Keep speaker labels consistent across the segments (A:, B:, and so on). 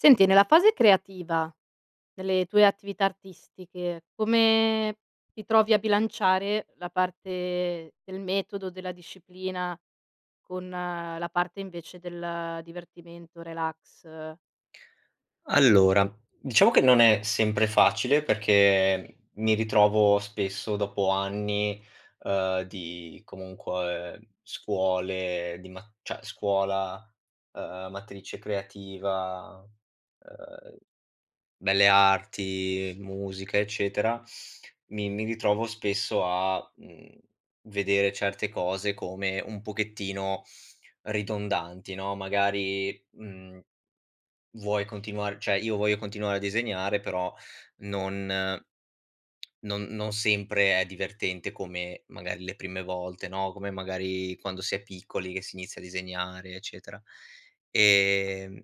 A: Senti, nella fase creativa delle tue attività artistiche, come ti trovi a bilanciare la parte del metodo, della disciplina, con la parte invece del divertimento, relax?
B: Allora, diciamo che non è sempre facile perché mi ritrovo spesso, dopo anni, ehm, di comunque scuole di ma cioè scuola, ehm, matrice creativa, ehm, Belle Arti, musica, eccetera, mi mi ritrovo spesso a, mhmm, vedere certe cose come un pochettino ridondanti, no. Magari, mhmm, vuoi continuar cioè io voglio continuare a disegnare, però non non non sempre è divertente come magari le prime volte, no, come magari quando si è piccoli che si inizia a disegnare, eccetera. Ehm,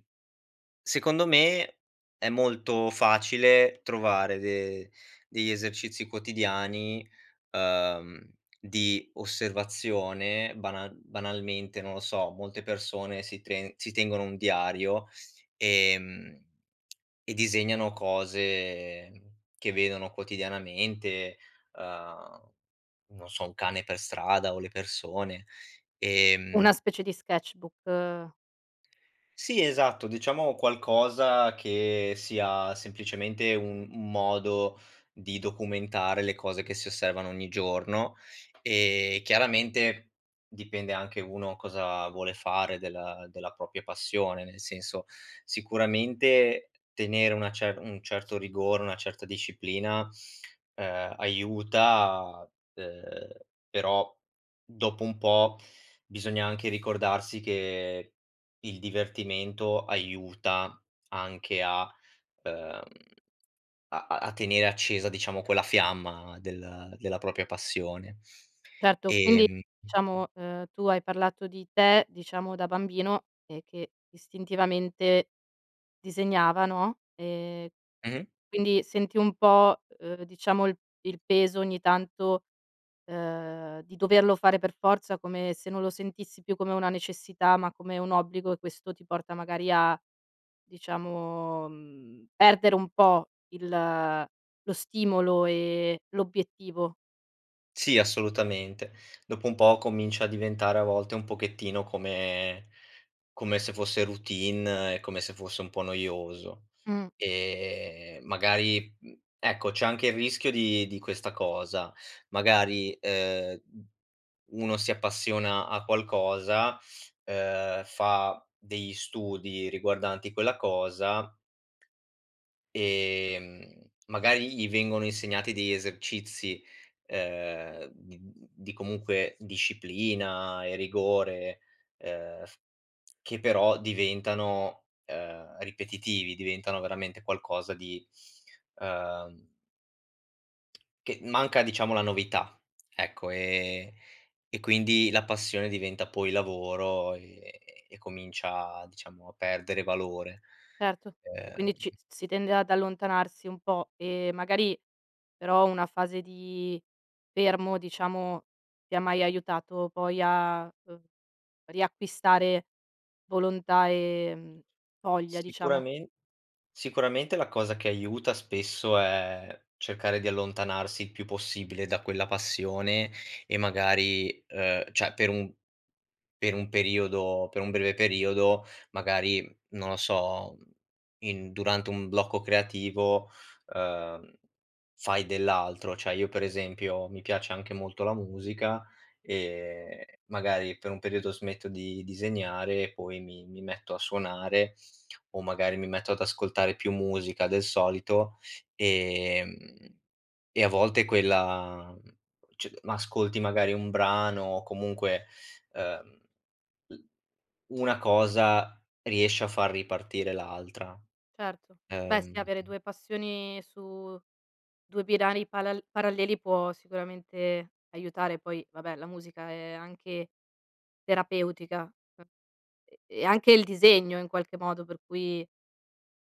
B: secondo me è molto facile trovare de degli esercizi quotidiani, ehm, di osservazione, banal banalmente, non lo so, molte persone si tren si tengono un diario, ehm, e disegnano cose che vedono quotidianamente: uhm, non so, un cane per strada o le persone.
A: Una
B: Ehm
A: specie di sketch-book.
B: Sì, esatto, diciamo qualcosa che sia semplicemente u un modo di documentare le cose che si osservano ogni giorno; e, chiaramente, dipende anche uno cosa vuole fare della della propria passione, nel senso sicuramente tenere una cer un certo rigore, una certa disciplina, uhm, aiuta, uhm, però, dopo un po' bisogna anche ricordarsi che il divertimento aiuta anche a ehm, a a a tenere accesa diciamo quella fiamma del della propria passione.
A: Certo, quindi,
B: Ehm
A: diciamo, ehm, tu hai parlato di te, diciamo da bambino, e che istintivamente disegnava, no. Ehm,
B: Mh-mh.
A: quindi senti un po', uhm, diciamo il il peso ogni tanto, ehm, di doverlo fare per forza, come se non lo sentissi più come una necessità, ma come un obbligo e questo ti porta magari a, diciamo, mhmm, perdere un po' il lo stimolo e l'obiettivo.
B: Sì, assolutamente, dopo un po' comincia a diventare a volte un pochettino come come se fosse routine e come se fosse un po' noioso.
A: Mh.
B: E magari, mhmm, ecco c'è anche il rischio di di questa cosa, magari, ehm, u uno si appassiona a qualcosa, ehm, fa degli studi riguardanti quella cosa ehm, magari gli vengono insegnati degli esercizi, uhm, di di comunque disciplina e rigore, ehm, f che però diventano, ehm, ripetitivi, diventano veramente qualcosa di ehm Che manca diciamo la novità, ecco, e e quindi la passione diventa poi lavoro e e comincia diciamo a perdere valore.
A: Certo e quindi ci
B: Ehm
A: si tende ad allontanarsi un po' e magari però una fase di fermo, diciamo, ti ha mai aiutato poi a uhm, riacquistare volontà e voglia, diciamo?
B: Sicuramen sicuramente la cosa che aiuta spesso è cercare di allontanarsi il più possibile da quella passione e magari, uhm, cioè per un per un periodo, per un breve periodo, magari non lo so, in durante un blocco creativo, uhm, fai dell'altro. Cioè io, per esempio, mi piace anche molto la musica, e magari per un periodo smetto di disegnare e poi mi mi metto a suonare, o magari mi metto ad ascoltare più musica del solito, ehm, e a volte quella c ma ascolti magari un brano o comunque, uhm, l una cosa riesce a far ripartire l'altra.
A: Certo, beh sì
B: Ehm
A: avere 2 passioni su 2 binari palal paralleli può sicuramente aiutare. Poi vabbè, la musica è anche, terapeutica. Uhm e e anche il disegno in qualche modo, per cui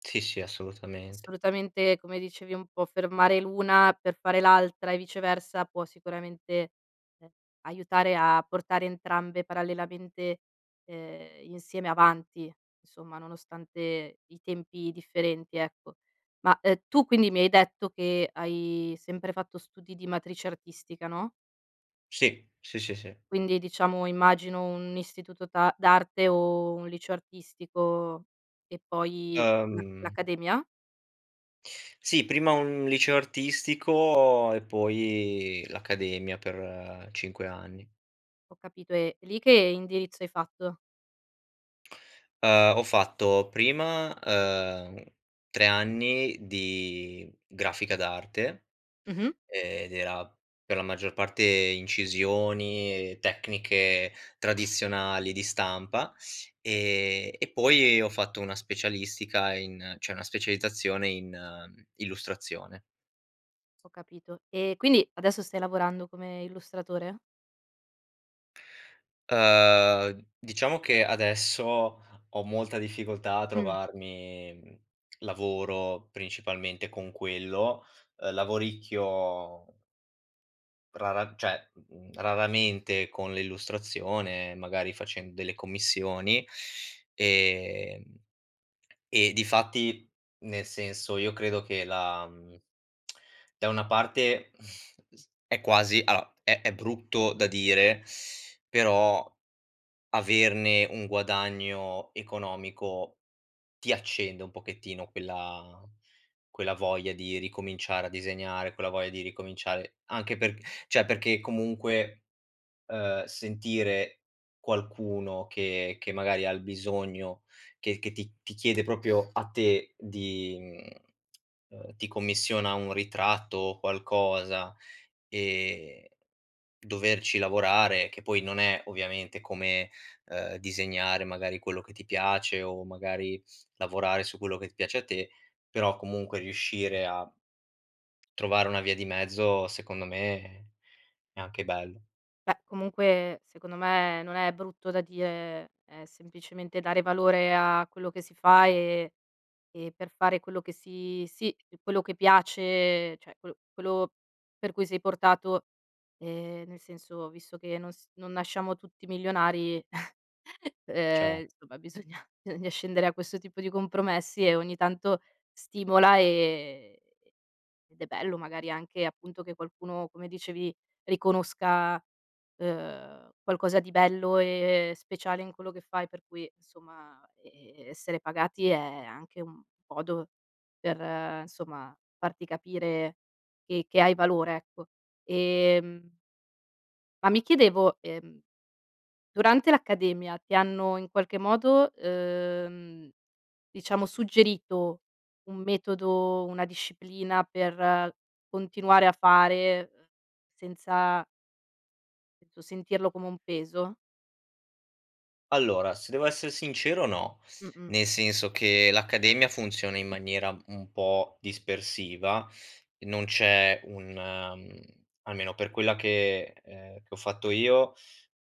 B: Sì, sì, assolutamente.
A: Assolutamente, come dicevi un po' fermare l'una per fare l'altra, e viceversa, può sicuramente, ehm, aiutare a portare entrambe parallelamente, ehm, insieme avanti; somma, nonostante i tempi differenti, ecco. Ma, ehm, tu quindi mi hai detto che hai sempre fatto studi di matrice artistica, no?
B: Sì. Sì, sì, sì.
A: Quindi diciamo immagino un istituto ta d'arte o un liceo artistico, e poi l
B: Ehm
A: l'accademia?
B: Sì, prima un liceo artistico e poi l'accademia per 5 anni.
A: Ho capito. E lì che indirizzo hai fatto?
B: Uhm, ho fatto prima, uhm, 3 anni di grafica d'arte,
A: Mh-mh.
B: ed era per la maggior parte incisioni e tecniche tradizionali di stampa, ehm, e poi ho fatto una specialistica in cioè una specializzazione in, mhmm, illustrazione.
A: Ho capito. E quindi adesso stai lavorando come illustratore?
B: Uhm, diciamo che adesso ho molta difficoltà a
A: Mh.
B: trovarmi, lavoro principalmente con quello. Ehm, lavoricchio rara cioè, mhmm, raramente con l'illustrazione, magari facendo delle commissioni, ehm, e difatti nel senso io credo che la mhmm, da una parte, è quasi allora è è brutto da dire, però averne un guadagno economico, ti accende un pochettino quella quella voglia di ricominciare a disegnare, quella voglia di ricominciare, anche perch cioè perché comunque, uhm, sentire qualcuno che che magari ha il bisogno, che che ti ti chiede proprio a te di mhmm, ehm, ti commissiona un ritratto o qualcosa, ehm, doverci lavorare, che poi non è ovviamente come, ehm, disegnare magari quello che ti piace o magari lavorare su quello che piace a te, però comunque riuscire a trovare una via di mezzo secondo me è anche bello.
A: Beh, comunque secondo me non è brutto da dire, è semplicemente dare valore a quello che si fa, e e per fare quello che si sì, quello che piace, cioè quello- quello per cui sei portato, ehm, nel senso, visto che non s non nasciamo tutti milionari
B: Ce
A: ehm, somma bisogna bisogna scendere a questo tipo di compromessi e ogni tanto stimola, ehm, ed è bello magari anche, appunto che qualcuno, come dicevi, riconosca, ehm, qualcosa di bello e speciale in quello che fai, per cui somma, ehm, essere pagati è anche un modo per, somma, farti capire che che hai valore, ecco. Ehm ma mi chiedevo, ehm, durante l'accademia ti hanno in qualche modo, ehm, diciamo suggerito un metodo, una disciplina per continuare a fare, uhm, senza penso sentirlo come un peso?
B: Allora, se devo esser sincero no,
A: Mh-mh.
B: nel senso che l'accademia funziona in maniera un po' dispersiva, non c'è un mhmm, almeno per quella che ehm, che ho fatto io,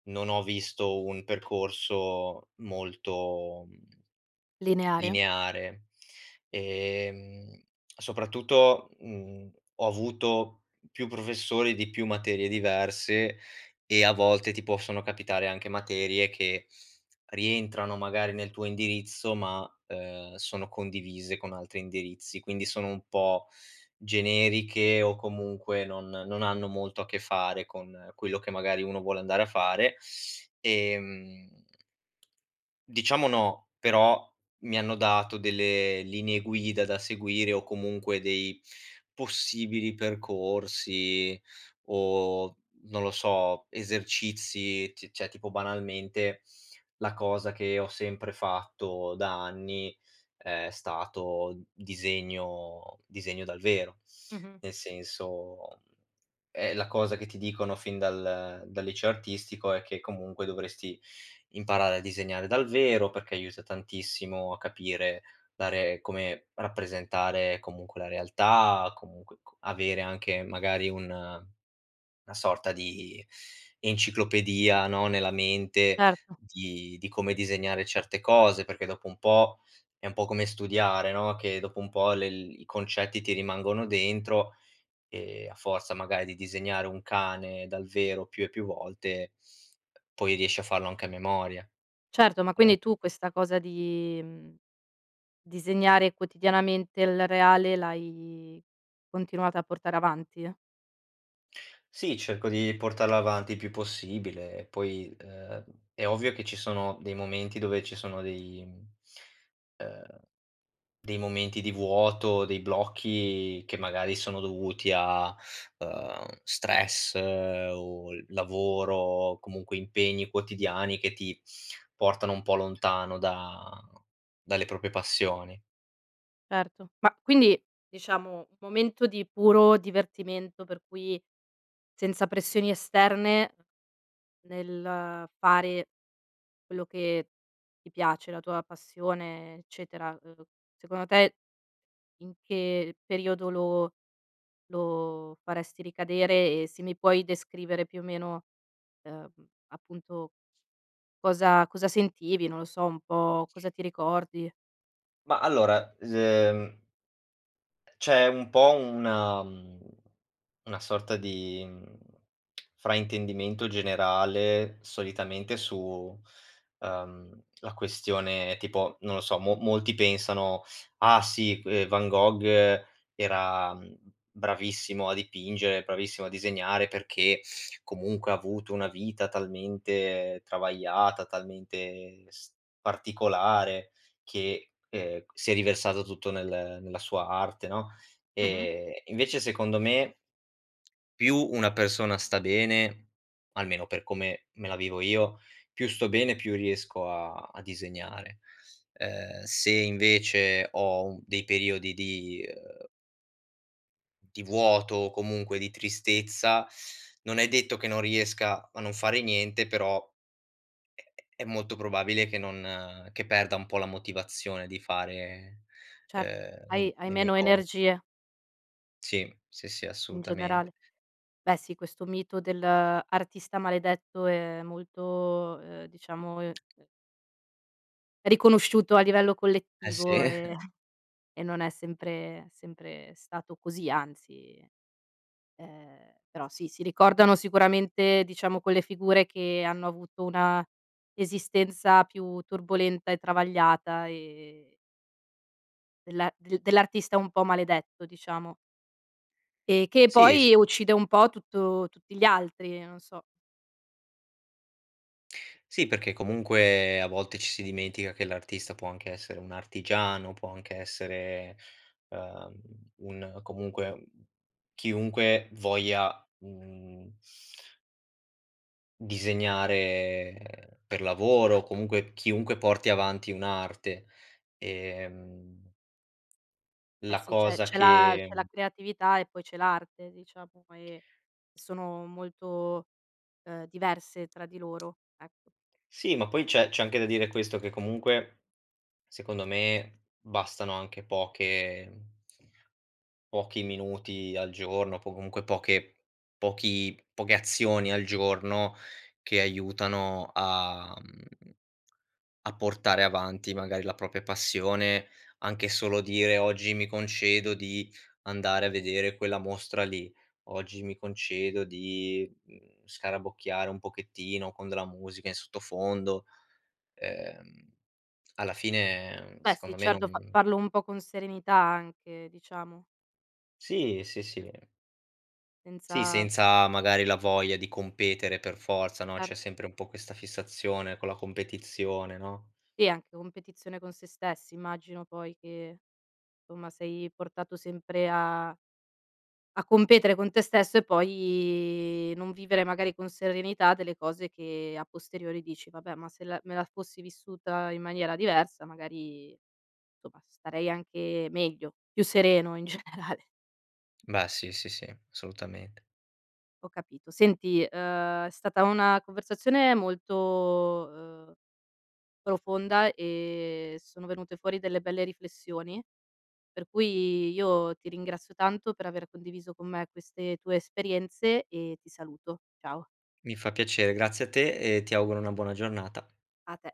B: non ho visto un percorso molto
A: Lineare?
B: lineare. Ehm, soprattutto, mhmm, ho avuto più professori di più materie diverse, e a volte ti possono capitare anche materie che rientrano magari nel tuo indirizzo ma, ehm, sono condivise con altri indirizzi, quindi sono un po' generiche o comunque non non hanno molto a che fare con quello che magari uno vuole andare a fare. Ehm. Diciamo no, però mi hanno dato delle linee guida da seguire o comunque dei possibili percorsi o, non lo so, esercizi. C cioè tipo, banalmente, la cosa che ho sempre fatto da anni è stato disegno disegno dal vero.
A: Mh-mh.
B: Nel senso, mhmm, ehm, la cosa che ti dicono fin dal dal liceo artistico è che comunque dovresti imparare a disegnare dal vero, perché aiuta tantissimo a capire, dare come rappresentare comunque la realtà, comunque co avere anche magari una na sorta di enciclopedia, no, nella mente
A: Certo.
B: di di come disegnare certe cose, perché, dopo un po', è un po' come studiare, no, che dopo un po' le i concetti ti rimangono dentro, e a forza magari di disegnare un cane dal vero più e più volte, poi riesci a farlo anche a memoria.
A: Certo, ma
B: Ehm
A: quindi tu questa cosa di, uhm, disegnare quotidianamente il reale l'hai continuato a portare avanti?
B: Sì, cerco di portarla avanti il più possibile e poi, ehm, è ovvio che ci sono dei momenti dove ci sono dei ehm, dei momenti di vuoto, dei blocchi che magari sono dovuti a, ehm, stress, o lavoro, o comunque impegni quotidiani che ti portano un po' lontano da dalle proprie passioni.
A: Certo. Ma quindi, diciamo, un momento di puro divertimento per cui, senza pressioni esterne, nel fare quello che ti piace, la tua passione, eccetera, uhm, secondo te, in che periodo lo lo faresti ricadere, e se mi puoi descrivere, più o meno, uhm, appunto, cosa cosa sentivi, non lo so, un po' cosa ti ricordi?
B: Ma allora, s ehm c'è un po' una mhmm, una sorta di, mhmm, fraintendimento generale solitamente su, ehm, la questione tipo, non lo so, mo molti pensano: "Ah sì que Van Gogh era, mhmm, bravissimo a dipingere, bravissimo a disegnare perché comunque ha avuto una vita talmente travagliata, talmente s particolare che, ehm, si è riversato tutto nel nella sua arte, no?"
A: Mh-mh.
B: E e invece secondo me, più una persona sta bene, almeno per come me la vivo io, più sto bene e più riesco a a disegnare. Ehm, se invece ho u dei periodi di, ehm di vuoto o comunque di tristezza, non è detto che non riesca a non fare niente, però è è è molto probabile che non che perda un po' la motivazione di fare,
A: Certo,
B: ehm, le
A: hai
B: m
A: hai
B: le mie
A: meno
B: cos
A: energie.
B: Sì, sì, sì,
A: In
B: assolutament
A: generale, beh sì questo mito dell'artista maledetto è molto, uhm, diciamo, ehm, ehm riconosciuto a livello
B: Eh sì.
A: collettivo, ehm, e non è sempre sempre stato così, anzi, ehm, però sì, si ricordano sicuramente diciamo quelle figure che hanno avuto una esistenza più turbolenta e travagliata e della del dell'artista un po' maledetto, diciamo. E che
B: Sì, s
A: poi uccide un po' tutto tutti gli altri, non so.
B: Sì, perché comunque a volte ci si dimentica che l'artista può anche essere un artigiano, può anche essere, uhm, un comunque, chiunque voglia, mhmm Disegnare, ehm, per lavoro o comunque chiunque porti avanti un'arte. Ehm
A: Eh
B: La
A: sì, c'è
B: cosa
A: c'è la c'è
B: che
A: la creatività e poi c'è l'arte, diciamo, e sono molto, ehm, diverse tra di loro, ecco.
B: Sì, ma poi c'è c'è anche da dire questo che comunque, secondo me, bastano anche poche pochi minuti al giorno, po comunque poche pochi poche azioni al giorno, che aiutano a mhmm, a portare avanti magari la propria passione. Anche solo dire: "Oggi mi concedo di andare a vedere quella mostra lì. Oggi mi concedo di, mhmm, scarabocchiare un pochettino con della musica in sottofondo." Ehm, alla fine
A: Beh, sì,
B: secondo me
A: certo, fa
B: non
A: farlo un po' con serenità anche, diciamo.
B: Sì, sì, sì, ehm Sì,
A: Senza
B: senza magari la voglia di competere per forza, no.
A: Cer
B: C'è sempre un po' questa fissazione con la competizione, no?
A: Sì, anche competizione con sè stessi. Immagino poi che, insomma somma sei portato sempre a a competere con te stesso e poi non vivere magari con serenità delle cose che a posteriori dici: "Vabbè, ma se la me la fossi vissuta in maniera diversa, magari, somma starei anche meglio, più sereno in generale."
B: Beh, sì, sì, sì, assolutamente.
A: Ho capito, senti, uhm, è stata una conversazione molto, ehm, profonda e sono venute fuori delle belle riflessioni, per cui io ti ringrazio tanto per aver condiviso con me queste tue esperienze e ti saluto. Ciao.
B: Mi fa piacere, grazie a te e ti auguro una buona giornata.
A: A te.